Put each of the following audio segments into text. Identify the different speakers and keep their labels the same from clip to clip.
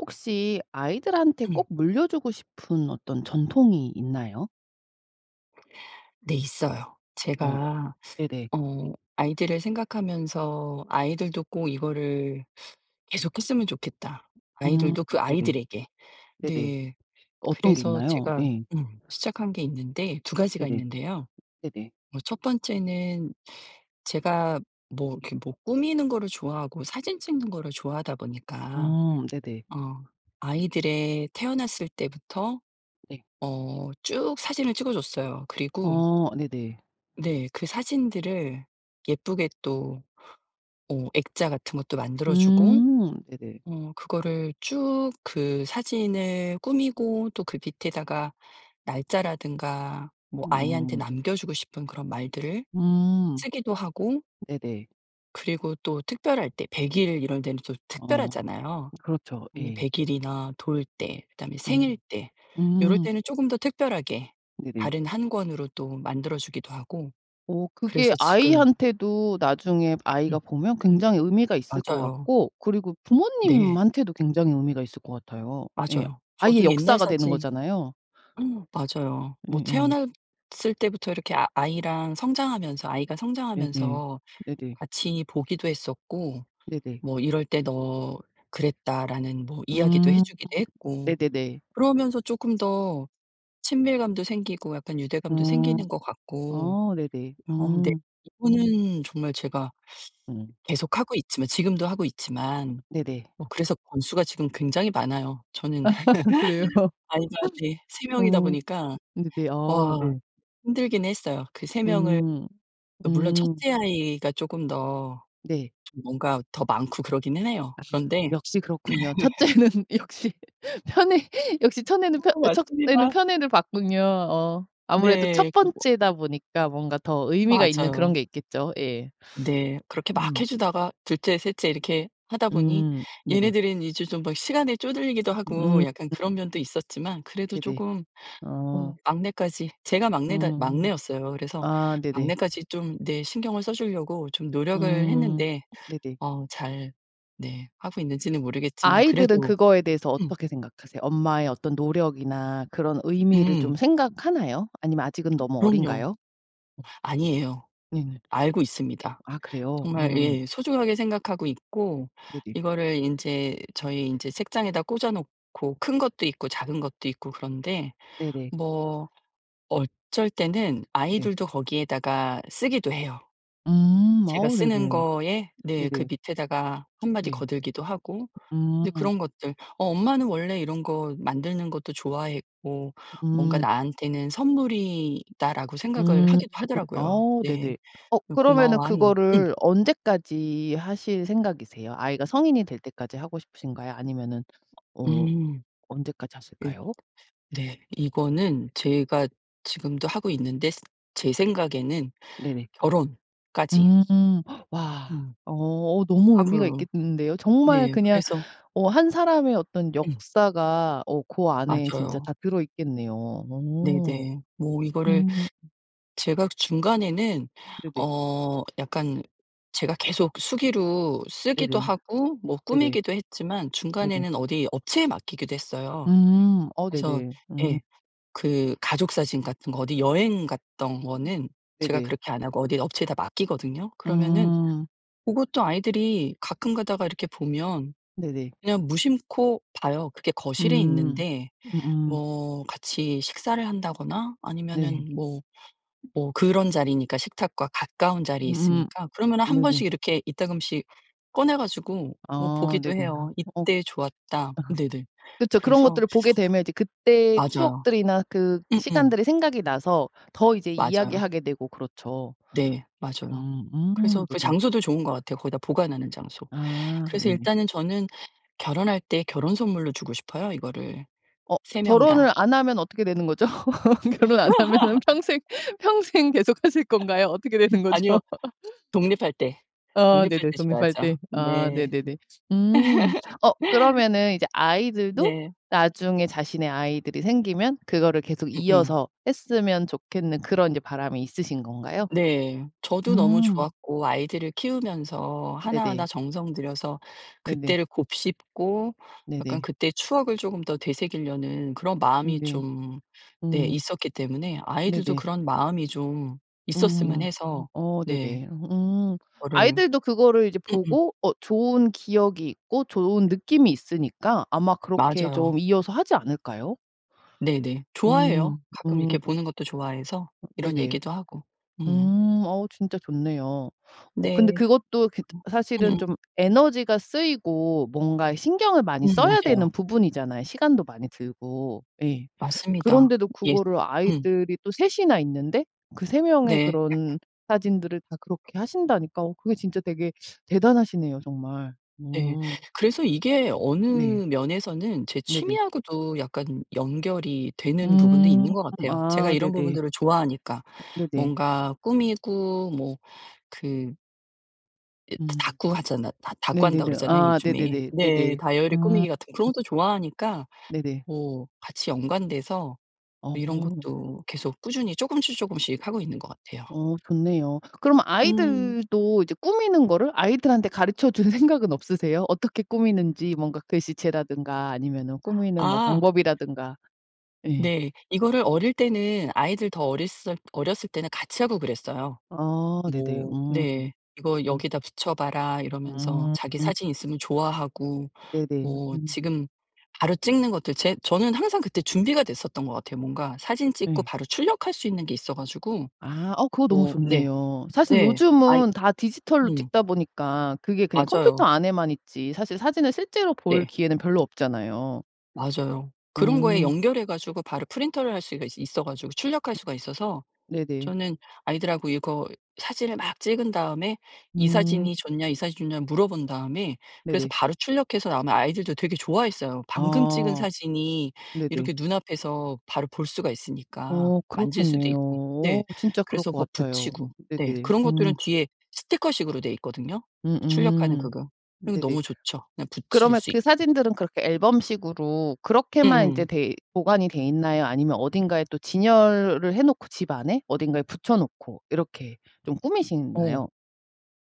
Speaker 1: 혹시 아이들한테 꼭 물려주고 싶은 어떤 전통이 있나요?
Speaker 2: 네 있어요.
Speaker 1: 어
Speaker 2: 제가
Speaker 1: 네네.
Speaker 2: 어 아이들을 생각하면서 '아이들도 꼭 이거를 계속했으면 좋겠다,
Speaker 1: 음
Speaker 2: 아이들도 그
Speaker 1: 네네.
Speaker 2: 아이들에게.'
Speaker 1: 네네.
Speaker 2: 네
Speaker 1: 어떤 게
Speaker 2: 그래서
Speaker 1: 있나요?
Speaker 2: 제가
Speaker 1: 예.
Speaker 2: 음 시작한 게 있는데 2 가지가
Speaker 1: 네네.
Speaker 2: 있는데요.
Speaker 1: 네네.
Speaker 2: 어 1 번째는 제가 뭐 이렇게 뭐 꾸미는 거를 좋아하고 사진 찍는 거를 좋아하다 보니까
Speaker 1: 음 네네.
Speaker 2: 어 아이들의 태어났을 때부터
Speaker 1: 네.
Speaker 2: 어 쭉 사진을 찍어 줬어요. 그리고
Speaker 1: 어 네네.
Speaker 2: 네 그 사진들을 예쁘게 또 어 액자 같은 것도 만들어주고
Speaker 1: 음 네네.
Speaker 2: 어 그거를 쭉 그 사진을 꾸미고 또 그 밑에다가 날짜라든가 뭐 아이한테
Speaker 1: 음.
Speaker 2: 남겨주고 싶은 그런 말들을
Speaker 1: 음.
Speaker 2: 쓰기도 하고
Speaker 1: 네네.
Speaker 2: 그리고 또 특별할 때 100 일 이럴 때는 또
Speaker 1: 어
Speaker 2: 특별하잖아요.
Speaker 1: 그렇죠.
Speaker 2: 음 이
Speaker 1: 예.
Speaker 2: 100 일이나 돌 때 그다음에 생일
Speaker 1: 음.
Speaker 2: 때 요럴
Speaker 1: 음.
Speaker 2: 때는 쪼금 더 특별하게
Speaker 1: 네네.
Speaker 2: 다른 1 권으로 또 만들어주기도 하고
Speaker 1: 어 그게
Speaker 2: 그래서 지금
Speaker 1: 아이한테도 나중에 아이가
Speaker 2: 음.
Speaker 1: 보면 굉장히 의미가 있을 것
Speaker 2: 맞아요.
Speaker 1: 같고 그리고
Speaker 2: 네.
Speaker 1: 부모님한테도 굉장히 의미가 있을 것 같아요. 예
Speaker 2: 맞아요.
Speaker 1: 아이의
Speaker 2: 저도 옛날
Speaker 1: 역사가 되는
Speaker 2: 사진
Speaker 1: 거잖아요.
Speaker 2: 응 맞아요. 뭐
Speaker 1: 예예.
Speaker 2: 태어났을 때부터 이렇게 아 아이랑 성장하면서 아이가
Speaker 1: 네네.
Speaker 2: 성장하면서
Speaker 1: 네네.
Speaker 2: 같이 보기도 했었고
Speaker 1: 네네.
Speaker 2: 뭐 "이럴 때 너 그랬다."라는 뭐 이야기도 해
Speaker 1: 음
Speaker 2: 주기도 했고
Speaker 1: 네네네.
Speaker 2: 그러면서 쪼끔 더 친밀감도 생기고 약간 유대감도
Speaker 1: 어.
Speaker 2: 생기는 거 같고
Speaker 1: 어 네네.
Speaker 2: 어 네
Speaker 1: 음.
Speaker 2: 이거는 정말 제가
Speaker 1: 음.
Speaker 2: 계속하고 있지만 지금도 하고 있지만
Speaker 1: 네네.
Speaker 2: 어 그래서 권수가 지금 굉장히 많아요. 저는
Speaker 1: 그래요?
Speaker 2: 아이가 네. 3 명이다
Speaker 1: 어.
Speaker 2: 보니까
Speaker 1: 응 네네. 아
Speaker 2: 와
Speaker 1: 네.
Speaker 2: 힘들긴 했어요. 그 3 명을
Speaker 1: 음.
Speaker 2: 그 물론 1
Speaker 1: 음.
Speaker 2: 째 아이가 쪼금 더
Speaker 1: 네.
Speaker 2: 좀 뭔가 더 많고 그러기는 해요.
Speaker 1: 아
Speaker 2: 그런데
Speaker 1: 역시 그렇군요. 1 째는 역시 편애 역시 천애는 펴
Speaker 2: 어
Speaker 1: 1 애는
Speaker 2: 맞습니다.
Speaker 1: 편애를 받군요. 어 아무래도
Speaker 2: 네
Speaker 1: 1
Speaker 2: 그 뭐
Speaker 1: 번째다 보니까 뭔가 더 의미가 있는 그런
Speaker 2: 맞아요.
Speaker 1: 게 있겠죠. 예.
Speaker 2: 네 그렇게 막
Speaker 1: 음.
Speaker 2: 해 주다가 2 째, 3 째 이렇게 하다 보니
Speaker 1: 음 네네.
Speaker 2: 얘네들은 이제 좀 막 시간에 쪼들리기도 하고
Speaker 1: 음.
Speaker 2: 약간 그런 면도 있었지만 그래도
Speaker 1: 네네.
Speaker 2: 쪼금
Speaker 1: 어.
Speaker 2: 어 막내까지 제가 막내다
Speaker 1: 음.
Speaker 2: 막내였어요. 그래서
Speaker 1: 아 네네.
Speaker 2: 막내까지 좀 네 신경을 써 주려고 좀 노력을
Speaker 1: 음
Speaker 2: 했는데
Speaker 1: 네네.
Speaker 2: 어 잘 네 하고 있는지는 모르겠지만
Speaker 1: 아이들은
Speaker 2: 그래도
Speaker 1: 그거에 대해서
Speaker 2: 음.
Speaker 1: 어떻게 생각하세요? 엄마의 어떤 노력이나 그런 의미를 좀
Speaker 2: 음.
Speaker 1: 생각하나요? 아니면 아직은 너무
Speaker 2: 그럼요.
Speaker 1: 어린가요?
Speaker 2: 아니에요.
Speaker 1: 네네.
Speaker 2: 알고 있습니다.
Speaker 1: 아 그래요?
Speaker 2: 정말
Speaker 1: 음
Speaker 2: 예 소중하게 생각하고 있고
Speaker 1: 네네.
Speaker 2: 이거를 인제 저희 인제 책장에다 꽂아 놓고 큰 것도 있고 작은 것도 있고 그런데
Speaker 1: 네네.
Speaker 2: 뭐 어쩔 때는
Speaker 1: 네.
Speaker 2: 아이들도 거기에다가 쓰기도 해요.
Speaker 1: 음
Speaker 2: 제가
Speaker 1: 아우
Speaker 2: 쓰는
Speaker 1: 네네.
Speaker 2: 거에 네. 그
Speaker 1: 네네.
Speaker 2: 밑에다가 1 마디
Speaker 1: 네.
Speaker 2: 거들기도 하고
Speaker 1: 음
Speaker 2: 이제 그런 것들 어 '엄마는 원래 이런 거 만드는 것도 좋아했고 뭔가
Speaker 1: 음.
Speaker 2: 나한테는 선물이다.'라고 생각을
Speaker 1: 음.
Speaker 2: 하기도 하더라고요.
Speaker 1: 어
Speaker 2: 네
Speaker 1: 네네. 어
Speaker 2: 그
Speaker 1: 그러면은
Speaker 2: 고마워하는 음.
Speaker 1: 그거를 언제까지 하실 생각이세요? 아이가 성인이 될 때까지 하고 싶으신가요? 아니면은 어
Speaker 2: 음.
Speaker 1: 언제까지
Speaker 2: 네.
Speaker 1: 하실까요?
Speaker 2: 네 이거는 제가 지금도 하고 있는데 제 생각에는
Speaker 1: 네네.
Speaker 2: 결혼까지
Speaker 1: 음 와
Speaker 2: 음.
Speaker 1: 어 너무 의미가
Speaker 2: 하고요.
Speaker 1: 있겠는데요. 정말
Speaker 2: 네
Speaker 1: 그냥
Speaker 2: 그래서
Speaker 1: 어 1 사람의 어떤
Speaker 2: 음.
Speaker 1: 역사가 어 그 안에 진짜
Speaker 2: 맞아요.
Speaker 1: 다 들어 있겠네요.
Speaker 2: 네네. 뭐 이거를
Speaker 1: 음.
Speaker 2: 제가 중간에는
Speaker 1: 네네.
Speaker 2: 어 약간 제가 계속 수기로 쓰기도
Speaker 1: 네네.
Speaker 2: 하고 뭐
Speaker 1: 네네.
Speaker 2: 꾸미기도 했지만
Speaker 1: 네네.
Speaker 2: 중간에는 어디 업체에 맡기기도 했어요.
Speaker 1: 음 어
Speaker 2: 그래서
Speaker 1: 네네. 음.
Speaker 2: 예 그 가족사진 같은 거 어디 여행 갔던
Speaker 1: 음.
Speaker 2: 거는 제가
Speaker 1: 네네.
Speaker 2: 그렇게 안 하고 어디 업체에다 맡기거든요. 그러면은
Speaker 1: 음.
Speaker 2: 고것도 아이들이 가끔가다가 이렇게 보면
Speaker 1: 네네.
Speaker 2: 그냥 무심코 봐요. 그게 거실에
Speaker 1: 음.
Speaker 2: 있는데
Speaker 1: 음음.
Speaker 2: 뭐 같이 식사를 한다거나
Speaker 1: 네.
Speaker 2: 아니면은 뭐 뭐 그런 자리니까 식탁과 가까운 자리에
Speaker 1: 음
Speaker 2: 있으니까. 그러면
Speaker 1: 네네.
Speaker 2: 1 번씩 이렇게 이따금씩 꺼내 가지고 뭐
Speaker 1: 아
Speaker 2: 보기도
Speaker 1: 네네.
Speaker 2: 해요.
Speaker 1: 어
Speaker 2: "이때 좋았다." 네네.
Speaker 1: 그쵸. 그런
Speaker 2: 그래서
Speaker 1: 것들을 보게 되면 이제 그때
Speaker 2: 맞아요.
Speaker 1: 추억들이나 그
Speaker 2: 음음.
Speaker 1: 시간들이 생각이 나서 더 이제
Speaker 2: 맞아요.
Speaker 1: 이야기하게 되고 그렇죠.
Speaker 2: 네 맞아요.
Speaker 1: 음음
Speaker 2: 그래서 그
Speaker 1: 네네.
Speaker 2: 장소도 좋은 거 같아요. 거기다 보관하는 장소.
Speaker 1: 아
Speaker 2: 그래서
Speaker 1: 네네.
Speaker 2: 일단은 저는 결혼할 때 결혼 선물로 주고 싶어요 이거를.
Speaker 1: 어
Speaker 2: 3 명 다.
Speaker 1: 결혼을 안 하면 어떻게 되는 거죠? 결혼 안 하면은 평생 평생 계속하실 건가요? 어떻게 되는 거죠?
Speaker 2: 아니요. 독립할 때
Speaker 1: 아
Speaker 2: 독립할
Speaker 1: 네네
Speaker 2: 때
Speaker 1: 독립할
Speaker 2: 줘야죠.
Speaker 1: 때. 아
Speaker 2: 네.
Speaker 1: 네네네. 음. 어 그러면은 이제 아이들도
Speaker 2: 네.
Speaker 1: 나중에 자신의 아이들이 생기면 그거를 계속
Speaker 2: 응응.
Speaker 1: 이어서 했으면 좋겠는 그런 이제 바람이 있으신 건가요?
Speaker 2: 네 저도 너무
Speaker 1: 음.
Speaker 2: 좋았고 아이들을 키우면서 하나하나
Speaker 1: 네네.
Speaker 2: 정성 들여서
Speaker 1: 네네.
Speaker 2: 그때를 곱씹고 약간
Speaker 1: 네네.
Speaker 2: 그때 추억을 조금 더 되새기려는 그런
Speaker 1: 음
Speaker 2: 마음이
Speaker 1: 네.
Speaker 2: 좀 네
Speaker 1: 음.
Speaker 2: 있었기 때문에 아이들도
Speaker 1: 네네.
Speaker 2: 그런 마음이 좀 있었으면
Speaker 1: 음
Speaker 2: 해서
Speaker 1: 어
Speaker 2: 네.
Speaker 1: 네네. 음
Speaker 2: 그거를
Speaker 1: 아이들도 그거를 이제
Speaker 2: 응응.
Speaker 1: 보고 어 좋은 기억이 있고 좋은 느낌이 있으니까 아마 그렇게
Speaker 2: 맞아요.
Speaker 1: 좀 이어서 하지 않을까요?
Speaker 2: 네네. 좋아해요.
Speaker 1: 음
Speaker 2: 가끔
Speaker 1: 음.
Speaker 2: 이렇게 보는 것도 좋아해서 이런
Speaker 1: 네네.
Speaker 2: 얘기도 하고 음.
Speaker 1: 음 어 진짜 좋네요. 어
Speaker 2: 네.
Speaker 1: 근데 그것도 그
Speaker 2: 음
Speaker 1: 사실은
Speaker 2: 음음.
Speaker 1: 좀 에너지가 쓰이고 뭔가에 신경을
Speaker 2: 음
Speaker 1: 많이 써야
Speaker 2: 맞아요.
Speaker 1: 되는 부분이잖아요, 시간도 많이 들고. 예.
Speaker 2: 맞습니다.
Speaker 1: 그런데도
Speaker 2: 예.
Speaker 1: 그거를
Speaker 2: 음.
Speaker 1: 아이들이 또 3 이나 있는데 그 3 명의
Speaker 2: 네.
Speaker 1: 그런 사진들을 다 그렇게 하신다니까 어 그게 진짜 되게 대단하시네요, 정말.
Speaker 2: 네
Speaker 1: 음.
Speaker 2: 그래서 이게 어느
Speaker 1: 네.
Speaker 2: 면에서는 제 취미
Speaker 1: 네네.
Speaker 2: 하고도 약간 연결이 되는 부분도
Speaker 1: 음
Speaker 2: 있는 것 같아요. 제가
Speaker 1: 아
Speaker 2: 이런
Speaker 1: 네네.
Speaker 2: 부분들을 좋아하니까
Speaker 1: 네네.
Speaker 2: 뭔가 꾸미고 뭐 그 이
Speaker 1: 음.
Speaker 2: 다꾸 하잖아 다 다꾸 한다고
Speaker 1: 네네네.
Speaker 2: 그러잖아요,
Speaker 1: 아
Speaker 2: 요즘에.
Speaker 1: 네네네.
Speaker 2: 네
Speaker 1: 네네.
Speaker 2: 다이어리
Speaker 1: 음.
Speaker 2: 꾸미기 같은 그런 것도 좋아하니까
Speaker 1: 네네.
Speaker 2: 뭐 같이 연관돼서 이런
Speaker 1: 어.
Speaker 2: 것도 계속 꾸준히 쪼금씩, 쪼금씩 하고 있는 것 같아요.
Speaker 1: 어 좋네요. 그럼
Speaker 2: 음.
Speaker 1: 아이들도 이제 꾸미는 거를 아이들한테 가르쳐 줄 생각은 없으세요? 어떻게 꾸미는지 뭔가 글씨체라든가 아니면은 꾸미는 뭐
Speaker 2: 아.
Speaker 1: 방법이라든가. 예.
Speaker 2: 네. 이거를 어릴 때는 아이들 더 어렸을 어렸을 때는 같이 하고 그랬어요.
Speaker 1: 아 네네.
Speaker 2: 뭐
Speaker 1: 음
Speaker 2: 네. "이거
Speaker 1: 음.
Speaker 2: 여기다 붙여봐라." 이러면서
Speaker 1: 음
Speaker 2: 자기
Speaker 1: 음.
Speaker 2: 사진 있으면 좋아하고
Speaker 1: 네네.
Speaker 2: 뭐 지금 바로 찍는 것들 제 저는 항상 그때 준비가 됐었던 것 같아요. 뭔가 사진 찍고
Speaker 1: 예.
Speaker 2: 바로 출력할 수 있는 게 있어 가지고
Speaker 1: 아 어 그거 너무
Speaker 2: 뭐 네.
Speaker 1: 좋네요. 사실
Speaker 2: 네. 아이
Speaker 1: 요즘은 다 디지털로
Speaker 2: 음.
Speaker 1: 찍다 보니까 그게 그냥 컴퓨터
Speaker 2: 맞아요.
Speaker 1: 안에만 있지 사실 사진을 실제로 볼
Speaker 2: 네.
Speaker 1: 기회는 별로 없잖아요.
Speaker 2: 맞아요. 그런 거에
Speaker 1: 음.
Speaker 2: 연결해 가지고 바로 프린터를 할 수가 있어 가지고 출력할 수가 있어서
Speaker 1: 네네.
Speaker 2: 저는 아이들 하고 이거 사진을 막 찍은 다음에 "이
Speaker 1: 음.
Speaker 2: 사진이 좋냐? 이 사진이 좋냐?" 물어본 다음에 그래서
Speaker 1: 네네.
Speaker 2: 바로 출력해서 나오면 아이들도 되게 좋아했어요. 방금 찍은
Speaker 1: 어
Speaker 2: 사진이
Speaker 1: 네네.
Speaker 2: 이렇게 눈앞에서 바로 볼 수가 있으니까
Speaker 1: 어
Speaker 2: 만질 수도
Speaker 1: 그렇겠네요.
Speaker 2: 있고 네
Speaker 1: 어 진짜 그럴
Speaker 2: 그래서
Speaker 1: 것
Speaker 2: 뭐
Speaker 1: 같아요.
Speaker 2: 붙이고 네
Speaker 1: 네네.
Speaker 2: 그런 것들은
Speaker 1: 음.
Speaker 2: 뒤에 스티커 식으로 돼 있거든요. 출력하는
Speaker 1: 음음.
Speaker 2: 그거 그리고
Speaker 1: 네네.
Speaker 2: 너무 좋죠, 그냥 붙일
Speaker 1: 그러면
Speaker 2: 수
Speaker 1: 그
Speaker 2: 있고.
Speaker 1: 사진들은 그렇게 앨범식으로 그렇게만 인제
Speaker 2: 음음.
Speaker 1: 돼 보관이 돼있나요? 아니면 어딘가에 또 진열을 해놓고 집 안에 어딘가에 붙여놓고 이렇게 좀
Speaker 2: 어.
Speaker 1: 꾸미시나요?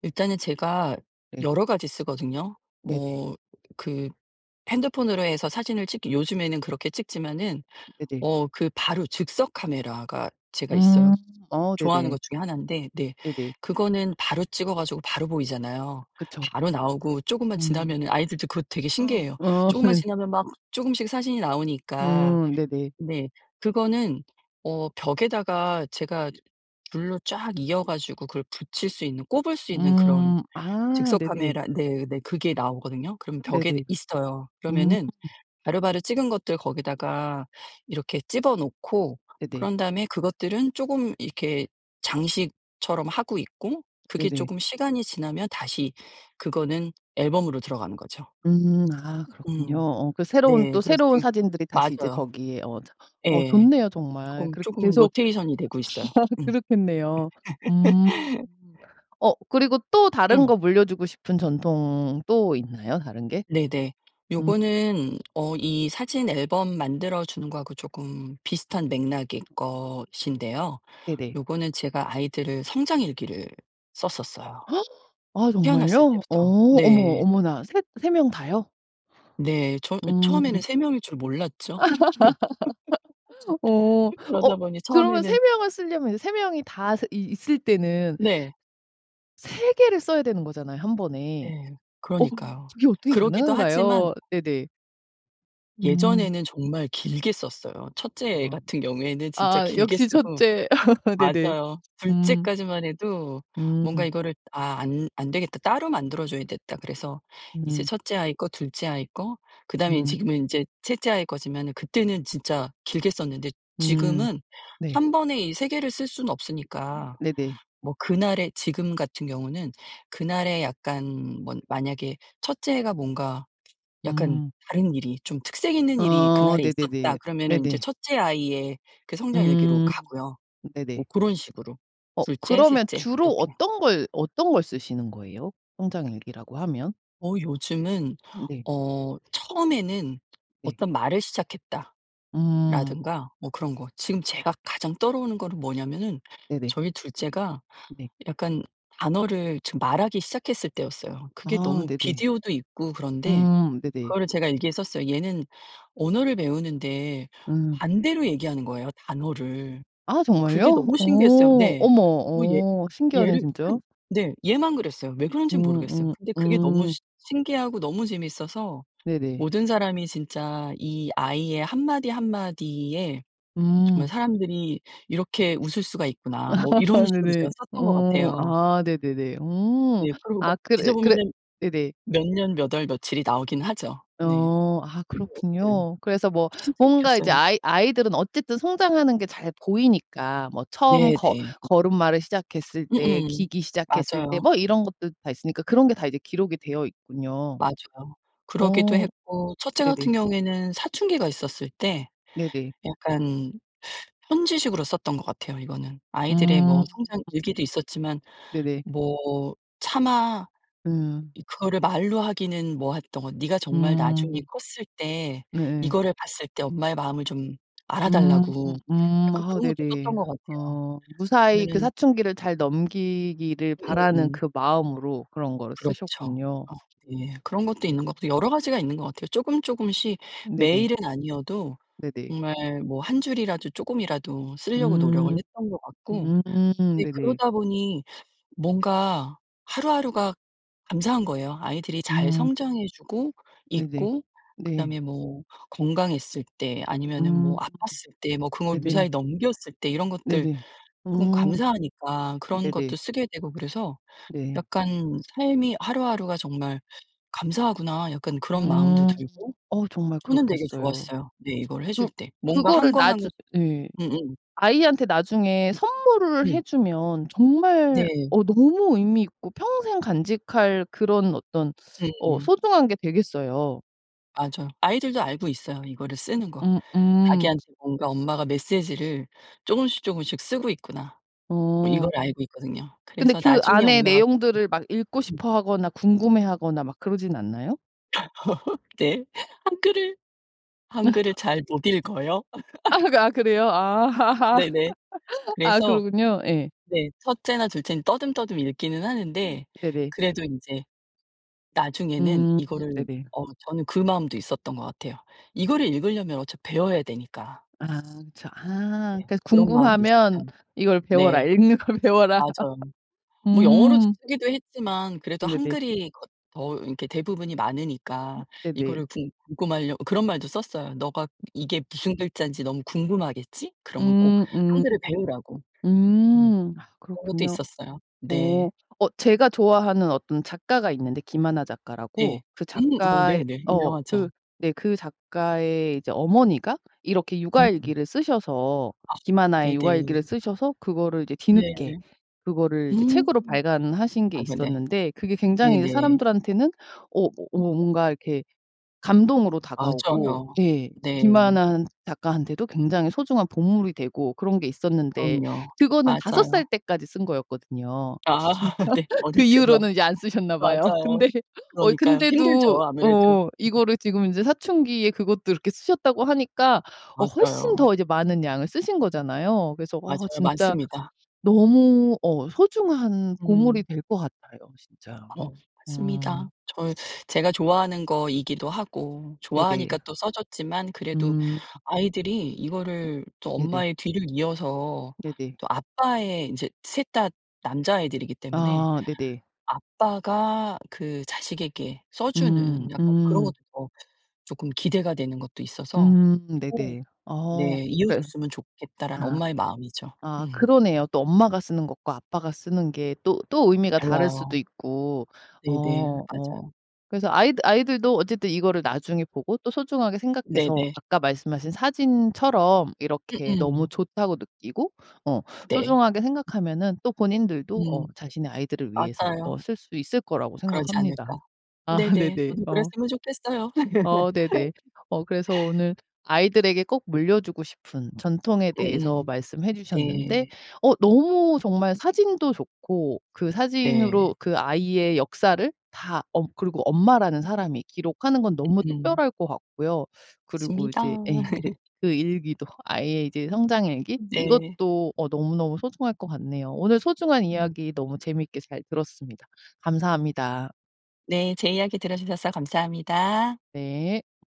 Speaker 2: 일단은 제가
Speaker 1: 네.
Speaker 2: 여러 가지 쓰거든요.
Speaker 1: 네네.
Speaker 2: 뭐 그 핸드폰으로 해서 사진을 찍기 요즘에는 그렇게 찍지마는
Speaker 1: 네네.
Speaker 2: 어 그 바로 즉석카메라가 제가 있어요.
Speaker 1: 음 어
Speaker 2: 좋아하는
Speaker 1: 네네.
Speaker 2: 것 중에 1 데 네
Speaker 1: 네네.
Speaker 2: 그거는 바로 찍어 가지고 바로 보이잖아요.
Speaker 1: 그쵸.
Speaker 2: 바로 나오고 쪼금만
Speaker 1: 음.
Speaker 2: 지나면은 아이들도 그거 되게
Speaker 1: 어
Speaker 2: 신기해 해요.
Speaker 1: 어.
Speaker 2: 쪼금만 지나면 막 쪼금씩 사진이 나오니까
Speaker 1: 음 네네.
Speaker 2: 네 그거는 어 벽에다가 제가 줄로 쫙 이어 가지고 그걸 붙일 수 있는 꼽을 수 있는 그런
Speaker 1: 음. 아 네네.
Speaker 2: 즉석카메라 네네 그게 나오거든요. 그럼 벽에
Speaker 1: 네네.
Speaker 2: 있어요.
Speaker 1: 음.
Speaker 2: 그러면은 바로바로 찍은 것들 거기다가 이렇게 집어 놓고
Speaker 1: 네네.
Speaker 2: 그런 다음에 그것들은 쪼금 이렇게 장식처럼 하고 있고 그게
Speaker 1: 네네.
Speaker 2: 쪼금 시간이 지나면 다시 그거는 앨범으로 들어가는 거죠.
Speaker 1: 음 아 그렇군요.
Speaker 2: 음.
Speaker 1: 어 그 새로운
Speaker 2: 네.
Speaker 1: 또
Speaker 2: 그래서
Speaker 1: 새로운
Speaker 2: 지금
Speaker 1: 사진들이 다시 이제
Speaker 2: 맞아요.
Speaker 1: 거기에 어 저 어
Speaker 2: 예.
Speaker 1: 좋네요, 정말.
Speaker 2: 쪼금,
Speaker 1: 그렇게
Speaker 2: 쪼금
Speaker 1: 계속
Speaker 2: 로테이션이 되고 있어요. 음.
Speaker 1: 그렇겠네요. 음. 어 그리고 또 다른
Speaker 2: 음.
Speaker 1: 거 물려주고 싶은 전통 또 있나요? 다른 게?
Speaker 2: 네네.
Speaker 1: 음.
Speaker 2: 요거는 어 이 사진 앨범 만들어 주는 거 하고 조끔 비슷한 맥락일 것인데요.
Speaker 1: 네네.
Speaker 2: 요거는 제가 아이들 성장일기를 썼었어요,
Speaker 1: 아
Speaker 2: 태어났을
Speaker 1: 정말요? 어
Speaker 2: 때부터
Speaker 1: 어머
Speaker 2: 네.
Speaker 1: 어머나 3 3 명 다요?
Speaker 2: 네. 저 어 처음에는
Speaker 1: 음.
Speaker 2: 3 명일 줄 몰랐죠.
Speaker 1: 어. 어
Speaker 2: 그러다 보니
Speaker 1: 그러면 3
Speaker 2: 처음에는
Speaker 1: 명을 쓸려면 이제 3 명이 다 스 있 있을 때는
Speaker 2: 네.
Speaker 1: 3 개를 써야 되는 거잖아요, 1 번에.
Speaker 2: 네
Speaker 1: 어
Speaker 2: 그러니까요.
Speaker 1: 그게 어떻게
Speaker 2: 그러기도 하지만
Speaker 1: 가능한가요? 네네.
Speaker 2: 예전에는
Speaker 1: 음.
Speaker 2: 정말 길게 썼어요. 1 째애
Speaker 1: 아.
Speaker 2: 같은 경우에는 진짜
Speaker 1: 아아
Speaker 2: 길게
Speaker 1: 역시 1
Speaker 2: 쓰고
Speaker 1: 째. 네네.
Speaker 2: 맞아요. 2
Speaker 1: 음.
Speaker 2: 째까지만 해도 뭔가
Speaker 1: 음.
Speaker 2: 이거를 '아 안 안되겠다. 따로 만들어 줘야겠다.' 그래서 이제
Speaker 1: 음.
Speaker 2: 1 째 아이 거, 2 째 아이 거, 그다음에
Speaker 1: 음.
Speaker 2: 지금은 인제 3 아이 거지만 그때는 진짜 길게 썼는데
Speaker 1: 음
Speaker 2: 지금은
Speaker 1: 네.
Speaker 2: 1 번에 이 3 개를 쓸 수는 없으니까
Speaker 1: 네네.
Speaker 2: 뭐 그날에 지금 같은 경우는 그날에 약간 뭐 만약에 '1 째가 뭔가 약간
Speaker 1: 음.
Speaker 2: 다른 일이 좀 특색 있는 일이
Speaker 1: 어
Speaker 2: 그날에 있었다.'
Speaker 1: 네네네.
Speaker 2: 그러면은 인제
Speaker 1: 네네.
Speaker 2: 1 째 아이의 그 성장일기로
Speaker 1: 음.
Speaker 2: 가고요. 뭐
Speaker 1: 네네.
Speaker 2: 그런 식으로
Speaker 1: 어
Speaker 2: 2 째, 3
Speaker 1: 그러면
Speaker 2: 째
Speaker 1: 주로
Speaker 2: 이렇게.
Speaker 1: 어떤 걸, 어떤 걸 쓰시는 거예요? 성장일기라고 하면?
Speaker 2: 어 요즘은
Speaker 1: 네.
Speaker 2: 어 처음에는
Speaker 1: 네.
Speaker 2: '어떤 말을 시작했다.'라든가
Speaker 1: 음.
Speaker 2: 뭐 그런 거 지금 제가 가장 떠오르는 거는 뭐냐면은
Speaker 1: 네네.
Speaker 2: 저희 2 째가
Speaker 1: 네.
Speaker 2: 약간 단어를 지금 말하기 시작했을 때였어요. 그게
Speaker 1: 아
Speaker 2: 너무
Speaker 1: 네네.
Speaker 2: 비디오도 있고 그런데
Speaker 1: 음 네네.
Speaker 2: 그거를 제가 일기에 썼어요. 얘는 언어를 배우는데
Speaker 1: 음.
Speaker 2: 반대로 얘기하는 거예요, 단어를.
Speaker 1: 아
Speaker 2: 그게
Speaker 1: 정말요?
Speaker 2: 너무
Speaker 1: 어.
Speaker 2: 신기했어요. 네.
Speaker 1: 어머
Speaker 2: 뭐 얘
Speaker 1: 어 신기하네
Speaker 2: 얘를
Speaker 1: 진짜.
Speaker 2: 한 네. 얘만 그랬어요. 왜 그런지
Speaker 1: 음
Speaker 2: 모르겠어요.
Speaker 1: 음
Speaker 2: 근데 그게 너무
Speaker 1: 음.
Speaker 2: 시 신기하고 너무 재밌어서
Speaker 1: 네네.
Speaker 2: '모든 사람이 진짜 이 아이의 1 마디 1 마디에 정말
Speaker 1: 음.
Speaker 2: 사람들이 이렇게 웃을 수가 있구나.' 뭐 이런 식으로
Speaker 1: 네네.
Speaker 2: 제가 썼던 것
Speaker 1: 어
Speaker 2: 같아요.
Speaker 1: 아 네네네. 어
Speaker 2: 네. 그리고 막
Speaker 1: 아 그래, 그래
Speaker 2: 뒤져보면은
Speaker 1: 네네.
Speaker 2: 몇 년, 몇 월, 며칠이 나오긴 하죠. 네.
Speaker 1: 어. 아
Speaker 2: 그런 것들
Speaker 1: 그렇군요. 그래서 뭐
Speaker 2: 진짜
Speaker 1: 뭔가 이제
Speaker 2: 웃겼어요.
Speaker 1: 아이 아이들은 어쨌든 성장하는 게 잘 보이니까 뭐 처음 거
Speaker 2: 네네.
Speaker 1: 걸음마를 시작했을 때
Speaker 2: 음음.
Speaker 1: 기기 시작했을 때
Speaker 2: 맞아요.
Speaker 1: 뭐 이런 것들 다 있으니까 그런 게 다 이제 기록이 되어 있군요.
Speaker 2: 맞아요. 그러기도
Speaker 1: 어
Speaker 2: 했고 첫째
Speaker 1: 네네.
Speaker 2: 같은 경우에는 사춘기가 있었을 때
Speaker 1: 네네.
Speaker 2: 약간 편지식으로 썼던 것 같아요. 이거는 아이들의
Speaker 1: 음.
Speaker 2: 뭐 성장 일기도 있었지만
Speaker 1: 네네.
Speaker 2: 뭐 차마
Speaker 1: 음.
Speaker 2: 이 그거를 말로 하기는 뭐 했던 거 '네가 정말 나중에
Speaker 1: 음.
Speaker 2: 컸을 때
Speaker 1: 네에.
Speaker 2: 이거를 봤을 때 엄마의 마음을 좀 알아
Speaker 1: 음.
Speaker 2: 달라.'고
Speaker 1: 음.
Speaker 2: 약간
Speaker 1: 아
Speaker 2: 그런 것도 썼던
Speaker 1: 네네.
Speaker 2: 것 같아요.
Speaker 1: 어 무사히 그
Speaker 2: 그러면은
Speaker 1: 사춘기를 잘 넘기기를 바라는
Speaker 2: 음음음.
Speaker 1: 그 마음으로 그런 거를
Speaker 2: 그렇죠.
Speaker 1: 쓰셨군요.
Speaker 2: 어 예. 그런 것도
Speaker 1: 네.
Speaker 2: 있는 것 여러 가지가 있는 것 같아요. 쪼금, 쪼금씩
Speaker 1: 네네.
Speaker 2: 매일은 아니어도
Speaker 1: 네네.
Speaker 2: 정말 뭐 1 줄이라도 쪼끔이라도 쓸려고 노력을
Speaker 1: 음.
Speaker 2: 했던 것 같고
Speaker 1: 음.
Speaker 2: 네
Speaker 1: 네네.
Speaker 2: 그러다 보니 뭔가 하루하루가 감사한 거예요. 아이들이 잘
Speaker 1: 음.
Speaker 2: 성장해 주고
Speaker 1: 네네.
Speaker 2: 있고
Speaker 1: 네.
Speaker 2: 그다음에 뭐 건강했을 때 아니면은
Speaker 1: 음
Speaker 2: 뭐 아팠을 때 뭐 그걸
Speaker 1: 네네.
Speaker 2: 무사히 넘겼을 때 이런 것들
Speaker 1: 네네.
Speaker 2: 쪼금
Speaker 1: 음.
Speaker 2: 감사하니까 그런 것도
Speaker 1: 네네.
Speaker 2: 쓰게 되고 그래서
Speaker 1: 네.
Speaker 2: 약간 '삶이 하루하루가 정말 감사하구나.' 약간 그런 마음도
Speaker 1: 음.
Speaker 2: 들고
Speaker 1: 어 정말
Speaker 2: 저는 되게
Speaker 1: 그렇겠어요.
Speaker 2: 좋았어요, 네 이거를 해줄
Speaker 1: 그
Speaker 2: 때. 뭔가 1
Speaker 1: 그거를
Speaker 2: 권 1 권
Speaker 1: 나중 예.
Speaker 2: 음음.
Speaker 1: 아이한테 나중에 선물을
Speaker 2: 음.
Speaker 1: 해주면 정말
Speaker 2: 네.
Speaker 1: 어 너무 의미 있고 평생 간직할 그런 어떤 어
Speaker 2: 음음.
Speaker 1: 소중한 게 되겠어요.
Speaker 2: 맞아요. 아이들도 알고 있어요, 이거를 쓰는 거.
Speaker 1: 음음.
Speaker 2: 자기한테 뭔가 엄마가 메시지를 쪼금씩 쪼금씩 쓰고 있구나. 뭐 이걸
Speaker 1: 어.
Speaker 2: 알고 있거든요.
Speaker 1: 근데
Speaker 2: 그래서
Speaker 1: 그
Speaker 2: 나중에
Speaker 1: 안의
Speaker 2: 엄마가 죽고
Speaker 1: 내용들을 막 읽고
Speaker 2: 음.
Speaker 1: 싶어하거나 궁금해 하거나 막 그러진 않나요?
Speaker 2: 네. 한글을 한글을 잘 못 읽어요.
Speaker 1: 아 그래요? 아
Speaker 2: 네네.
Speaker 1: 아
Speaker 2: 그래서
Speaker 1: 그렇군요. 예.
Speaker 2: 네. 첫째나 둘째는 떠듬떠듬 읽기는 하는데
Speaker 1: 네네.
Speaker 2: 그래도 인제 나중에는
Speaker 1: 음
Speaker 2: 이거를
Speaker 1: 네네.
Speaker 2: 어 저는 그 마음도 있었던 것 같아요. 이거를 읽으려면 어차피 배워야 되니까.
Speaker 1: 아 그쵸. 아
Speaker 2: 네.
Speaker 1: 그니까
Speaker 2: 그런 마음도
Speaker 1: 궁금하면
Speaker 2: 있었어요.
Speaker 1: 이걸 배워라.
Speaker 2: 네.
Speaker 1: "읽는 걸 배워라."
Speaker 2: 맞아요. 뭐 영어로
Speaker 1: 음.
Speaker 2: 쓰기도 했지만 그래도
Speaker 1: 네네.
Speaker 2: 한글이 더 이렇게 대부분이 많으니까
Speaker 1: 네네.
Speaker 2: 이거를 궁 궁금하라고 그런 말도 썼어요. "너가 이게 무슨 글자인지 너무 궁금하겠지? 그러면 꼭
Speaker 1: 음음.
Speaker 2: 한글을 배우라고." 네.
Speaker 1: 음 아
Speaker 2: 그런 것도
Speaker 1: 그렇군요.
Speaker 2: 있었어요.
Speaker 1: 어
Speaker 2: 네.
Speaker 1: 어 제가 좋아하는 어떤 작가가 있는데 김하나 작가라고.
Speaker 2: 네.
Speaker 1: 그
Speaker 2: 음. 오
Speaker 1: 작가의
Speaker 2: 네네.
Speaker 1: 어 그
Speaker 2: 유명하죠.
Speaker 1: 네 그 작가의 이제 어머니가 이렇게
Speaker 2: 음음.
Speaker 1: 육아일기를 쓰셔서
Speaker 2: 아
Speaker 1: 김하나의
Speaker 2: 네네.
Speaker 1: 육아일기를 쓰셔서 그거를 이제
Speaker 2: 예.
Speaker 1: 뒤늦게 그거를 이제 책으로
Speaker 2: 음,
Speaker 1: 발간하신 게
Speaker 2: 아이고 네.
Speaker 1: 있었는데 그게 굉장히 이제
Speaker 2: 네네.
Speaker 1: 사람들한테는 어어 뭔가 이렇게 감동으로 다가오고
Speaker 2: 맞아요.
Speaker 1: 예
Speaker 2: 네.
Speaker 1: 김하나 한 작가한테도 굉장히 소중한 보물이 되고 그런 게 있었는데
Speaker 2: 그럼요,
Speaker 1: 그거는 5 살
Speaker 2: 맞아요.
Speaker 1: 때까지 쓴 거였거든요.
Speaker 2: 아 네.
Speaker 1: 그
Speaker 2: 어릴 때만.
Speaker 1: 이후로는 이제 안 쓰셨나 봐요.
Speaker 2: 맞아요.
Speaker 1: 근데 어
Speaker 2: 그러니까요.
Speaker 1: 근데도
Speaker 2: 힘들죠, 아무래도.
Speaker 1: 어 이거를 지금 이제 사춘기에 그것도 그렇게 쓰셨다고 하니까 어 훨씬
Speaker 2: 맞아요.
Speaker 1: 더 이제 많은 양을 쓰신 거잖아요. 그래서 와
Speaker 2: 맞아요.
Speaker 1: 진짜
Speaker 2: 맞습니다.
Speaker 1: 너무 어 소중한 보물이
Speaker 2: 음.
Speaker 1: 될 것 같아요, 진짜.
Speaker 2: 어
Speaker 1: 음.
Speaker 2: 맞습니다. 저 제가 좋아하는 거이기도 하고
Speaker 1: 네네.
Speaker 2: 좋아하니까 또 써 줬지만 그래도
Speaker 1: 음.
Speaker 2: 아이들이 이거를 또
Speaker 1: 네네.
Speaker 2: 엄마의 뒤를 이어서
Speaker 1: 네네.
Speaker 2: 또 아빠의 인제 3 다 남자애들이기 때문에
Speaker 1: 아 네네.
Speaker 2: 아빠가 그 자식에게 써
Speaker 1: 음.
Speaker 2: 주는 약간 그런
Speaker 1: 음.
Speaker 2: 것도 더 조금 기대가 되는 것도 있어서.
Speaker 1: 음
Speaker 2: 어
Speaker 1: 네네. 어
Speaker 2: 네 '이어
Speaker 1: 그니까.
Speaker 2: 줬으면 좋겠다.'라는
Speaker 1: 아.
Speaker 2: 엄마의 마음이죠.
Speaker 1: 아
Speaker 2: 음.
Speaker 1: 그러네요. 또 엄마가 쓰는 것과 아빠가 쓰는 게 또 또 의미가 다를 수도
Speaker 2: 달라요.
Speaker 1: 있고.
Speaker 2: 네네,
Speaker 1: 어 어
Speaker 2: 맞아요.
Speaker 1: 그래서 아이들 아이들도 어쨌든 이거를 나중에 보고 또 소중하게 생각해서
Speaker 2: 네네.
Speaker 1: 아까 말씀하신 사진처럼 이렇게 '너무
Speaker 2: 음음.
Speaker 1: 좋다.'고 느끼고 어
Speaker 2: 네.
Speaker 1: 소중하게 생각하면은 또 본인들도 어
Speaker 2: 음.
Speaker 1: 자신의 아이들을 위해서 어
Speaker 2: 맞아요.
Speaker 1: 쓸 수 있을 거라고
Speaker 2: 그러지
Speaker 1: 생각합니다.
Speaker 2: 않을까?
Speaker 1: 아
Speaker 2: 네네.
Speaker 1: 네네.
Speaker 2: 저도
Speaker 1: 어.
Speaker 2: 그랬으면 좋겠어요.
Speaker 1: 어 네네. 어 그래서 오늘 아이들에게 꼭 물려 주고 싶은 전통에 대해서
Speaker 2: 음음.
Speaker 1: 말씀해 주셨는데
Speaker 2: 네.
Speaker 1: 어 너무 정말 사진도 좋고 그
Speaker 2: 네.
Speaker 1: 사진으로 그 아이의 역사를 다 어 그리고 엄마라는 사람이 기록하는 건 너무
Speaker 2: 음음.
Speaker 1: 특별할 것 같고요. 그리고
Speaker 2: 있습니다.
Speaker 1: 이제 예 그 그 일기도 아이의 이제 성장일기,
Speaker 2: 네.
Speaker 1: 이것도 어 너무너무 소중할 것 같네요. 오늘 소중한
Speaker 2: 음.
Speaker 1: 이야기 너무 재미있게 잘 들었습니다. 감사합니다.
Speaker 2: 네. 제 이야기 들어주셔서 감사합니다.
Speaker 1: 네.